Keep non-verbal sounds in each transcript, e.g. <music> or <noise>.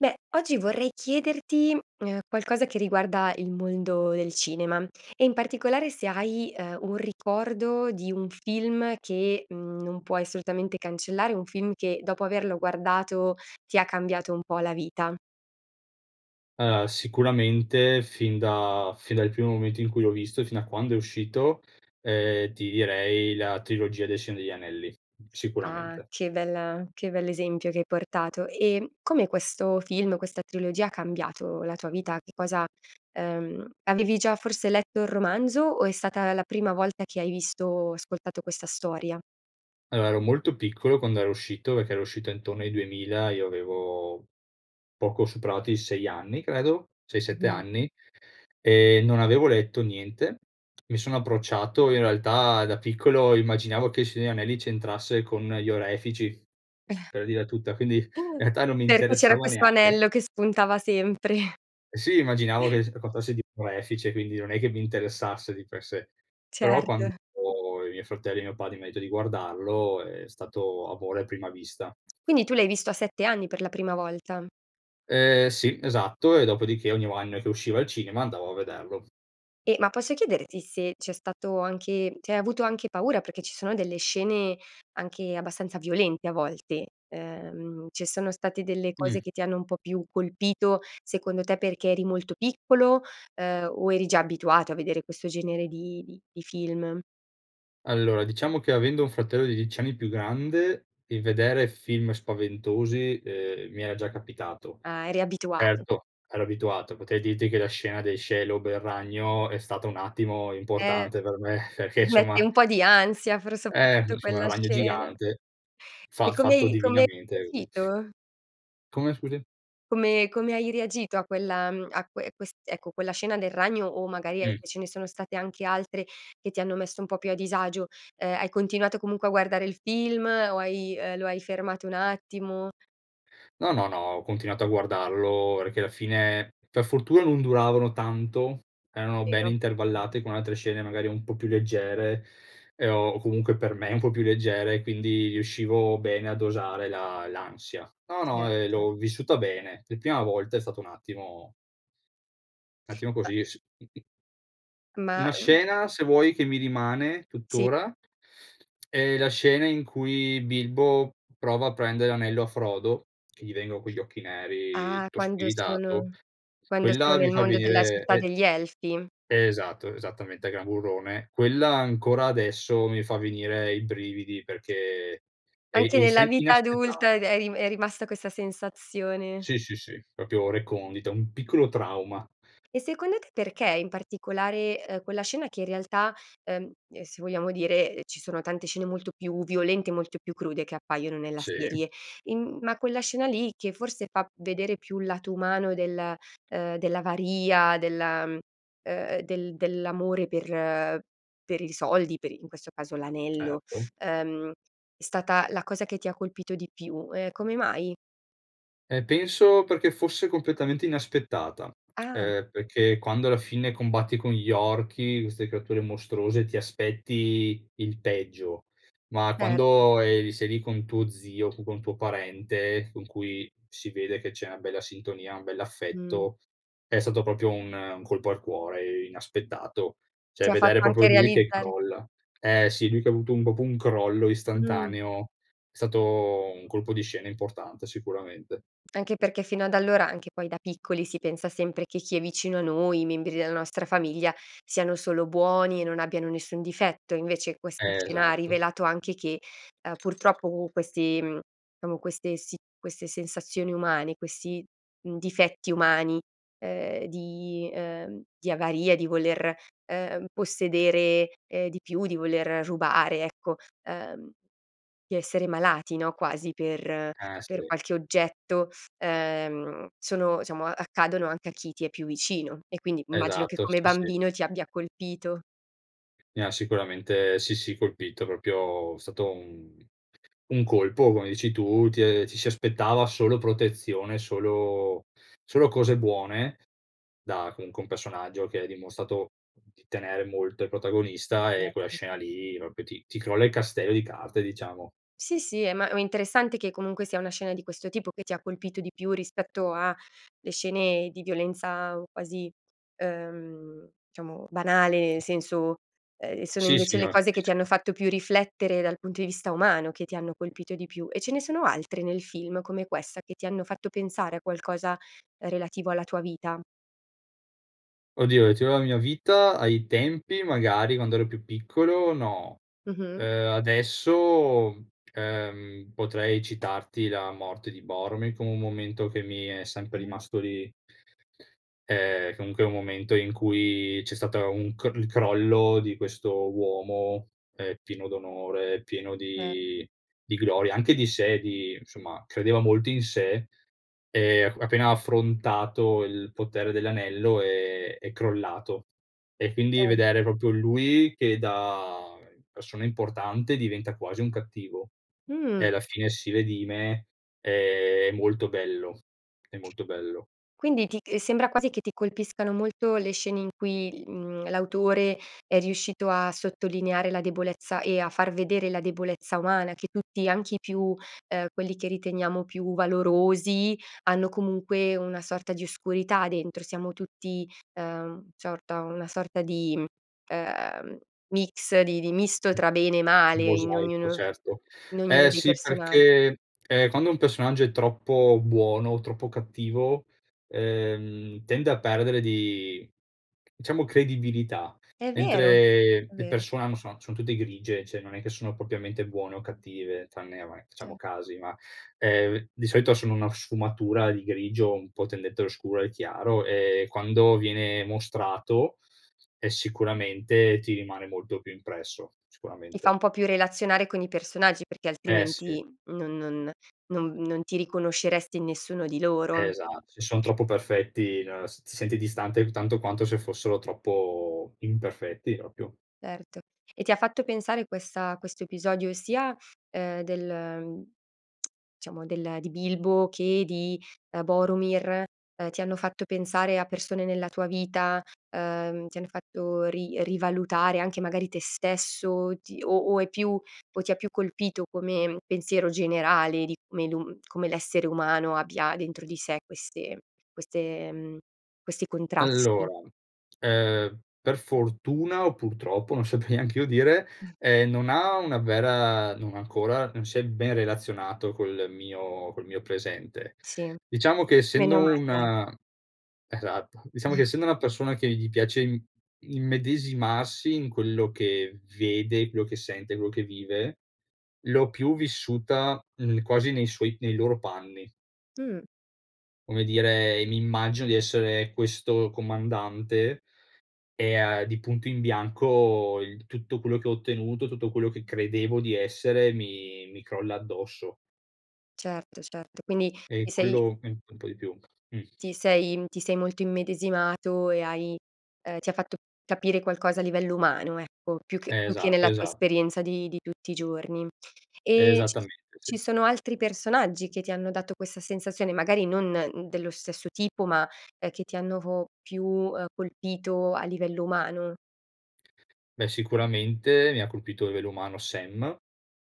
Beh, oggi vorrei chiederti, mhmm, qualcosa che riguarda il mondo del cinema, e in particolare se hai, uhm, un ricordo di un film che, mhmm, non puoi assolutamente cancellare, o un film che dopo averlo guardato ti ha cambiato un po' la vita. Allora, sicuramente fin da fin dal primo momento in cui l'ho visto e fino a quando è uscito, ehm, ti direi la trilogia del Signore degli Anelli, Ah, sicuramente. che bella che bell'esempio che hai portato, e come questo film, questa trilogia ha cambiato la tua vita? Che cosa ehm, avevi già forse letto il romanzo o è stata la prima volta che hai visto o ascoltato questa storia? Allora ero molto piccolo quando era uscito, perché era uscito intorno ai 2000, e io avevo poco superato i 6 anni, credo, 6, 7 <unintelligible> anni. Ehm, non avevo letto niente, mi sono approcciato in realtà, da piccolo immaginavo che Il Signore negli Anelli c'entrasse con gli orefici, <chuckles> per dirla tutta. Quindi, <unintelligible> <chuckles> realtà non mi perché c'era interessava questo neanche. anello che spuntava sempre. <chuckles> Eh, sì immaginavo <chuckles> che s <unintelligible> orefice, quindi non è che mi interessasse di per sé. Però, quando Certo. i miei fratelli e mio padre mi ha detto di guardarlo è stato amore a prima vista. Quindi tu l'hai visto a 7 anni per la prima volta? Ehm, sì, esatto e dopodiché ogni anno che usciva al cinema andavo a vederlo. E ma posso chiederti se c'è stato anche cioè hai avuto anche paura, perché ci sono delle scene anche abbastanza violente a volte. Uhm, ci sono state delle cose Mh. che ti hanno un po' più colpito secondo te perché eri molto piccolo, uhm, o eri già abituato a vedere questo genere di di di film? Allora, diciamo che avendo un fratello di 10 anni più grande, il vedere film spaventosi, ehm, mi era già capitato. Ah, eri abituato. Erto, ero abituato, potrei dirti che la scena dei Shelob er ragno è stata un attimo Eh importante per me perché mette somma un po' di ansia pro Ehm, soprattutto, insomma è quella un ragno scena. gigante. E Fa come fatto hai e come hai divinamente quindi reagito? Come scusi? Come come hai reagito a quella, mhmm a quel quest ecco, quella scena del ragno, o magari e Mh. ce ne sono state anche altre che ti hanno messo un po' più a disagio? Uhm, hai continuato comunque a guardare il film o hai uhm lo hai fermato un attimo? No no no ho continuato a guardarlo perché alla fine per fortuna non duravano tanto, erano ben Vero, è vero. intervallate con altre scene magari un po' più leggere, e ho comunque per me un po' più leggere e quindi riuscivo bene a dosare la l'ansia. No, no, Certo, ehm, cer l'ho vissuta bene. La prima volta è stata un attimo un attimo Ma così s mh-mh. Ma Una uhm scena se vuoi che mi rimane Sì. tuttora, <smacks lips> è la scena in cui Bilbo prova a prendere l'anello a Frodo che gli vengono quegli occhi neri, Ah, tutto quando spiritato. sono quando sono Quella mi nel fa mondo della venire città e degli elfi? esatto, esattamente, Gran Burrone. Quella ancora adesso mi fa venire i brividi, perché, è è Anche nella isen vita adulta è d inaspettata. è ri è rimasta questa sensazione. Sì, sì, sì, proprio recondita, un piccolo trauma. E secondo te perché in particolare, uhm, quella scena, che in realtà, ehm, se vogliamo dire ci sono tante scene molto più violente, molto più crude che appaiono nella Sì. serie, in, mhmm ma quella scena lì che forse fa vedere più il lato umano del, uhm dell'avaria, della mhmm, del dell'amore per per i soldi, per in questo caso l'anello. Certo. Ehm, è stata la cosa che ti colpito di più. Ehm, come mai? Ehm, penso perché fosse completamente inaspettata; <smacks lips> Ah. ehm, perché quando alla fine combatti con gli orchi, queste creature mostruose, ti aspetti il peggio; ma Certo. quando eri sei lì con tuo zio, con un tuo parente, con cui si vede che c'è una bella sintonia, un Mh. bell'affetto, è stato proprio un un colpo al cuore, inaspettato. Cioè Ti ha fatto vedere proprio anche lui che realizzare crolla. Eh sì, lui che ha avuto un proprio un crollo Mh. istantaneo, è stato un colpo di scena importante, sicuramente. Anche perché fino ad allora, anche poi da piccoli, si pensa sempre che chi è vicino a noi, i membri della nostra famiglia siano solo buoni e non abbiano nessun difetto, invece questa scena ha Esatto. rivelato anche che, uhm, purtroppo questi, mhmm diciamo queste si queste sensazioni umane, questi, mhmm, difetti umani, ehm, di ehm, di avaria, di voler, e ehm, possedere, ehm, di più, di voler rubare ecco, uhm, di essere malati no, quasi per Ah, per sì. qualche oggetto, uhm, sono diciamo accadono anche a chi ti è più vicino, e quindi immagino che Esatto, come sì, sì. bambino ti abbia colpito. Mi ha sicuramente, sì, sì colpito, proprio è stato un un colpo come dici tu. Ti e ci si aspettava solo protezione, solo solo cose buone, da comunque un personaggio che ha dimostrato di tenere molto al protagonista, e quella Certo. scena lì proprio ti ti crolla il castello di carte diciamo. Sì, sì, eh, ma ma interessante che comunque sia una scena di questo tipo che ti ha colpito di più rispetto a le scene di violenza quasi, ehm, diciamo banale, nel senso, ehm, sono Sì, sì, invece le no, cose che ti capisco. hanno fatto più riflettere dal punto di vista umano che ti hanno colpito di più. E ce ne sono altre nel film come questa, che ti hanno fatto pensare a qualcosa relativo alla tua vita? Oh Dio, c'era la mia vita ai tempi magari, quando ero più piccolo no. Mh-mh. Ehm, adesso, ehm, potrei citarti la morte di Boromir, come un momento che mi è sempre Ah. rimasto lì. Eh, comunque un momento in cui c'è stata un cr il crollo di questo uomo, ehm, pieno d'onore, pieno Certo. di di gloria, anche di sé di insomma credeva molto in sé, ehm, e appena ha affrontato il potere dell'anello è è crollato. E quindi Cer vedere proprio lui che da persona importante diventa quasi un cattivo, e Mh. alla fine si redime, è molto bello è molto bello. Quindi ti c sembra quasi che ti colpiscano molto le scene in cui, mhmm, l'autore è riuscito a sottolineare la debolezza e a far vedere la debolezza umana che tutti, anche i più uhm, quelli che riteniamo più valorosi, hanno comunque una sorta di oscurità dentro. Siamo tutti, uhm, ciorta una sorta di, mhmm, ehm, mix di di misto tra bene e Un male, in mosaico ognuno certo. in ognuno Ehm, dei sì persona perché, ehm, quando un personaggio è troppo buono o troppo cattivo, ehm, tende a perdere di diciamo credibilità, È vero. mentre È le vero. persone hanno son sono tutte grigie, cioè non è che sono propriamente buone o cattive tranne, ehm, vabbè Ce facciamo casi va; ehm, di solito sono una sfumatura di grigio un po' tendente allo scuro e al chiaro, e quando viene mostrato è sicuramente ti rimane molto più impresso. Ti fa Sicuramente. un po' più relazionare con i personaggi, perché Eh sì. altrimenti non non non non ti riconosceresti in nessuno di loro. Esatto, se son troppo perfetti no s ti senti distante, tanto quanto se fossero troppo imperfetti, proprio. Erto. E ti ha fatto pensare questa questo episodio sia, uhm, del <clicks tongue> diciamo del di Bilbo che di, ehm, Borumir, ehm, ti hanno fatto pensare a persone nella tua vita, uhm, ti hanno fatto ri rivalutare anche magari te stesso, o ti o o è più o ti ha più colpito come pensiero generale, di come l'u come l'essere umano abbia dentro di sé queste queste, mhmm questi contrasti? Allora, ehm, per fortuna o purtroppo, non saprei neanch'io dire, <snorts> ehm, non ha una vera non ancora, non si è ben relazionato col mio col mio presente. Sì. Diciamo che essendo Meno mal dai. una esatto, diciamo che <chuckles> essendo una persona che gli piace im immedesimarsi in quello che vede, quello che sente, quello che vive, l'ho più vissuta, mhmm, quasi nei suoi nei loro panni. Mh. Come dire mi immagino di essere questo comandante, e a di punto in bianco il tutto quello che ho ottenuto, tutto quello che credevo di essere mi mi crolla addosso. Certo, certo. Quindi E ti sei quello mi un po' di più. Mh. ti sei, mhmm ti sei molto immedesimato e hai ehm, ti ha fatto capire qualcosa a livello umano ecco, più che più che Esatto, nella tua esa esperienza, di di tutti i giorni. E ci s Esattamente sì. ci sono altri personaggi che ti hanno dato questa sensazione, magari non dello stesso tipo ma, ehm, che ti hanno po più, ehm, colpito a livello umano? Beh, sicuramente mi ha colpito a livello umano Sam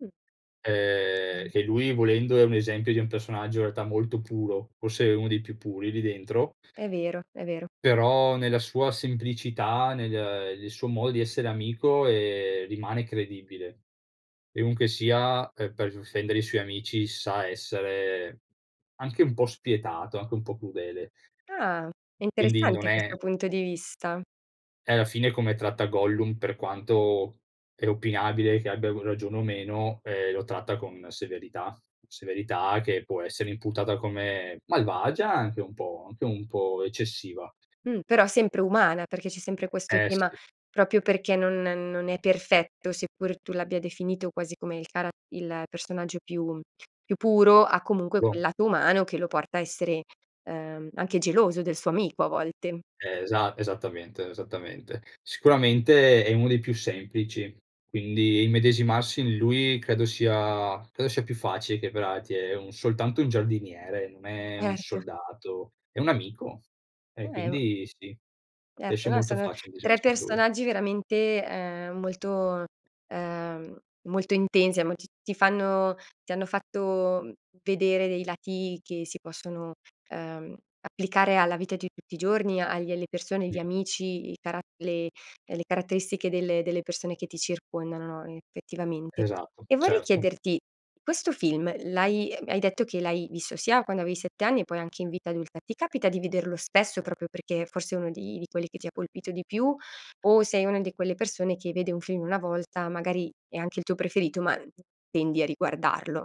Mh. ehm, <unintelligible> che lui volendo è un esempio di un personaggio in realtà molto puro, forse uno dei più puri lì dentro È vero, è vero. però nella sua semplicità, nel, ehm nel suo modo di essere amico, ehm, rimane credibile. Chiunque sia, ehm, per difendere i suoi amici, sa essere anche un po' spietato, anche un po' crudele. Ah. È Quindi non interessante è questo punto di vista. Eh, alla fine come tratta Gollum, per quanto è opinabile che abbia r ragione o meno, ehm, lo tratta con severità; severità che può essere imputata come malvagia anche un po'. Anche un po' eccessiva. Mh, però sempre umana, perché c'è sempre questo Eh tema: sì. proprio perché non non è perfetto, seppur tu l'abbia definito quasi come il cara il personaggio più, mhmm più puro, ha comunque No. quel lato umano che lo porta a essere, ehm, anche geloso del suo amico a volte. Esa esattamente, esattamente. Sicuramente è uno dei più semplici, quindi immedesimarsi in lui credo sia credo sia più facile che per altri è un soltanto un giardiniere, non è un Erto. soldato. È un amico, e È u quindi sì. Riesce Erto, no molto sono facile 3 immedesimarsi in lui. personaggi veramente, ehm, molto ehm, molto intensi mo ti ti fanno ti hanno fatto, mhmm, vedere dei lati che si possono, uhm, applicare alla vita di tutti i giorni, agli alle persone, Mh. gli amici, i carat le le caratteristiche delle delle persone che ti circondano no, effettivamente. Esatto. E vorrei Certo. chiederti: questo film l'hai hai detto che l'hai visto sia quando avevi 7 anni e poi anche in vita adulta. Ti capita di vederlo spesso, proprio perché forse uno di di quelli che ti ha colpito di più, o sei una di quelle persone che vede un film 1 volta, magari è anche il tuo preferito, ma n tendi a riguardarlo?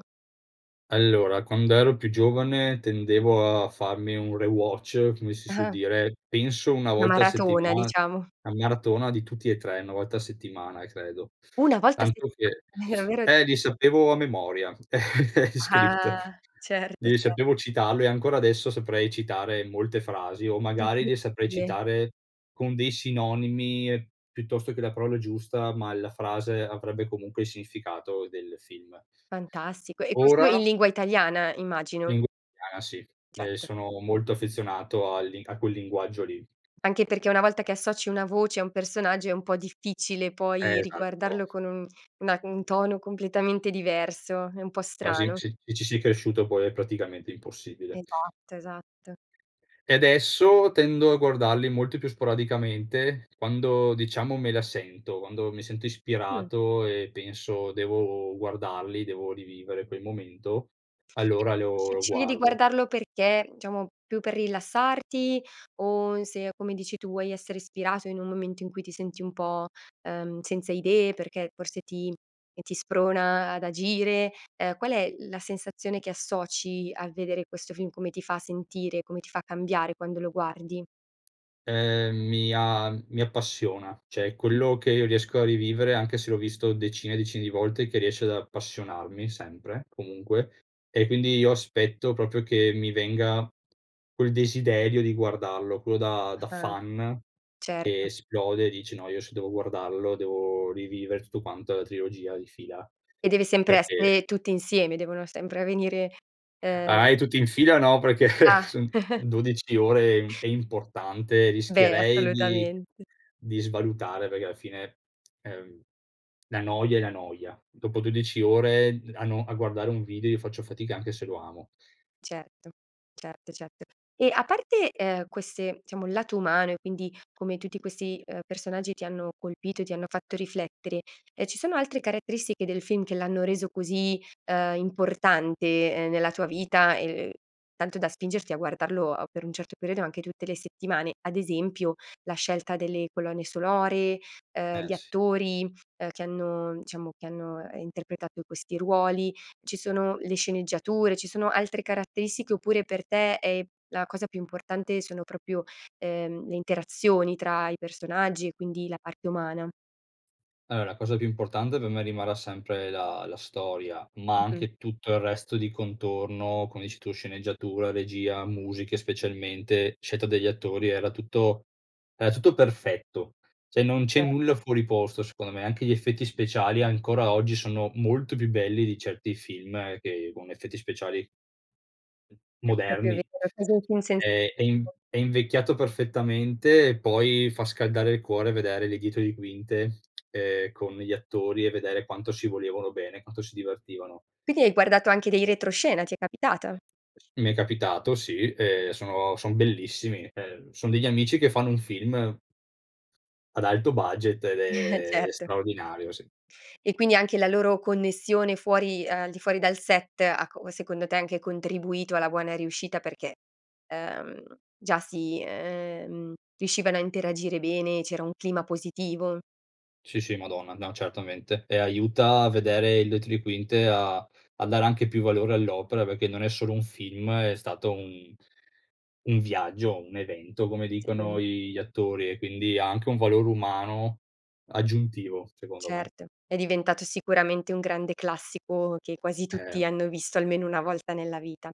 Allora, quand'ero più giovane tendevo a farmi un rewatch, come si su Ah. dire, penso 1 Una volta a maratona settimana diciamo. la maratona di tutti e 3, 1 volta a settimana credo; 1 volta a tanto che settimana, è <sucks teeth> davvero eh, li sapevo a memoria, <chuckles> gli script. Ah! Certo, Glieli cer sapevo citarlo e ancora adesso saprei citare molte frasi, o magari le saprei Incredibile. citare con dei sinonimi, piuttosto che la parola giusta, ma la frase avrebbe comunque il significato del film. Fantastico, e questo in Ora lingua italiana, immagino. Lingu ah sì. Ehm, Certo. sono molto affezionato al li a quel linguaggio lì. Anche perché una volta che associ una voce a un personaggio è un po' difficile Eh, poi esatto. riguardarlo con un una un tono completamente diverso. È un po' Quasi strano. sì. Ci ci si cresciuto poi è praticamente impossibile. Esatto, esatto. E adesso tendo a guardarli molto più sporadicamente, quando diciamo me la sento, quando mi sento Mh. ispirato e penso: "Devo guardarli, devo rivivere quel momento", allora lo Sce lo scegli di guardo. guardarlo perché, diciamo più per rilassarti, o se, come dici tu, vuoi essere ispirato in un momento in cui ti senti un po', uhm, senza idee, perché forse ti e ti sprona ad agire. Ehm, qual è la sensazione che associ a vedere questo film, come ti fa sentire, come ti fa cambiare quando lo guardi? Ehm, mi a mi appassiona. Cioè, Mh. quello che io riesco a rivivere anche se l'ho visto decine e decine di volte, che riesce ad appassionarmi sempre, comunque, e quindi io aspetto proprio che mi venga quel desiderio di guardarlo, quello da da Ah, fan che certo. esplode e dice: “No, io se devo guardarlo devo rivivere tutto quanto, la trilogia di fila”, E deve sempre perché essere tutti insieme, devono sempre venire, ehm Ah, eh, tutti in fila no, perché <chuckles> Ah. son <chuckles> son 12 ore, è im è importante, Beh, rischierei di assolutamente. di svalutare, perché alla fine, <tsk> ehm, la noia è la noia. Dopo 12 ore a no a guardare un video io faccio fatica, anche se lo amo. Certo. Certo, certo. E a parte, ehm, queste, diciamo, il lato umano e quindi come tutti questi, uhm, personaggi ti hanno colpito e ti hanno fatto riflettere, ehm, ci sono altre caratteristiche del film che l'hanno reso così, uhm, importante nella tua vita, ehm, tanto da spingerti a guardarlo, uhm, per un certo periodo anche tutte le settimane? Ad esempio la scelta delle colonne sonore, uhm, Eh gli sì. attori, uhm, che hanno diciamo, che hanno interpretato questi ruoli? Ci sono le sceneggiature, ci sono altre caratteristiche oppure per te è la cosa più importante sono proprio, ehm, le interazioni tra i personaggi e quindi la parte umana? Allora la cosa più importante per me rimarrà sempre la la storia, ma Mh-mh. anche tutto il resto di contorno, come dici tu: sceneggiatura, regia, musiche specialmente, scelta degli attori. Era tutto era tutto perfetto cioè, non c'è nulla Certe. fuori posto secondo me. Anche gli effetti speciali, ancora oggi, sono molto più belli di certi film che con effetti speciali È proprio moderni. vero. E così, infine cioè Ehm, è in <unintelligible> è invecchiato perfettamente, e poi fa scaldare il cuore vedere le dietro di quinte, ehm, con gli attori e vedere quanto si volevano bene e quanto si divertivano. Perchè hai guardato anche dei retroscena? Ti è capitata? Mi è capitato sì, ehm, sono son bellissimi. Ehm, son degli amici che fanno un film ad alto budget, ed <chuckles> è Certo. straordinario sì. E quindi anche la loro connessione fuori uhm, al di fuori dal set ha co ha secondo te anche contribuito alla buona riuscita perché, ehm, già si ehm, riuscivano a interagire bene? C'era un clima positivo? Sì, sì, madonna! No certamente, e aiuta a vedere il dietro li quinte, a a dare anche più valore all'opera perché non è solo un film: è stato un un viaggio o un evento, come Sia. dicono i gli attori, e quindi ha anche un valore umano aggiuntivo, secondo me. Certo, è diventato sicuramente un grande classico che quasi Eh. tutti hanno visto almeno 1 volta nella vita.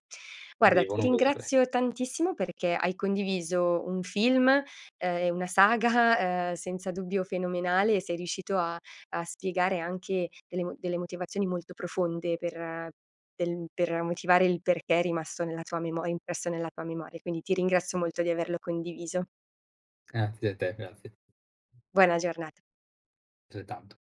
Guarda ti Devono vederle. ringrazio tantissimo perché hai condiviso un film, ehm, e una saga, uhm, senza dubbio fenomenale, e sei riuscito a a spiegare anche delle mo delle motivazioni molto profonde per del mhmm, per motivare il perché è rimasto nella tua memo impresso nella tua memoria, quindi ti ringrazio molto di averlo condiviso. Grazie a te, grazie. Buona giornata. Altrettanto.